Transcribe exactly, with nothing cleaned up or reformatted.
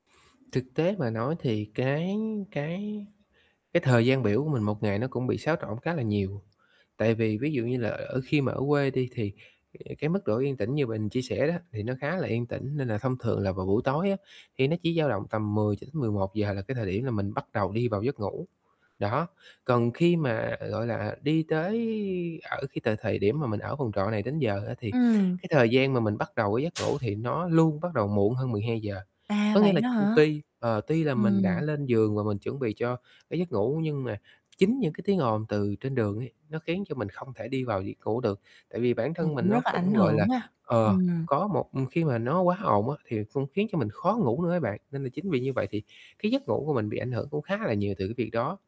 Thực tế mà nói thì cái cái cái thời gian biểu của mình một ngày nó cũng bị xáo trộn khá là nhiều. Tại vì ví dụ như là ở khi mà ở quê đi, thì cái mức độ yên tĩnh như mình chia sẻ đó thì nó khá là yên tĩnh, nên là thông thường là vào buổi tối á thì nó chỉ dao động tầm mười cho đến mười một giờ là cái thời điểm là mình bắt đầu đi vào giấc ngủ. Đó, còn khi mà, gọi là, đi tới ở cái t thời điểm mà mình ở phòng trọ này đến giờ á, thì Ừm. cái thời gian mà mình bắt đầu cái giấc ngủ thì nó luôn bắt đầu muộn hơn mười hai giờ. À, Có nghĩa vậy là đó hả? tuy, ờ, tuy là mình đã Ừm. lên giường và mình chuẩn bị cho cái giấc ngủ nhưng mà chính những cái tiếng ồn từ trên đường ấy nó khiến cho mình không thể đi vào việc ngủ được. Tại vì bản Ừm, thân mình cũng nó rất là ảnh cũng, gọi là, hưởng ha, ờ, ừm. có một khi mà nó quá ồn á thì cũng khiến cho mình khó ngủ nữa á bạn, nên là chính vì như vậy thì cái giấc ngủ của mình bị ảnh hưởng cũng khá là nhiều từ cái việc đó.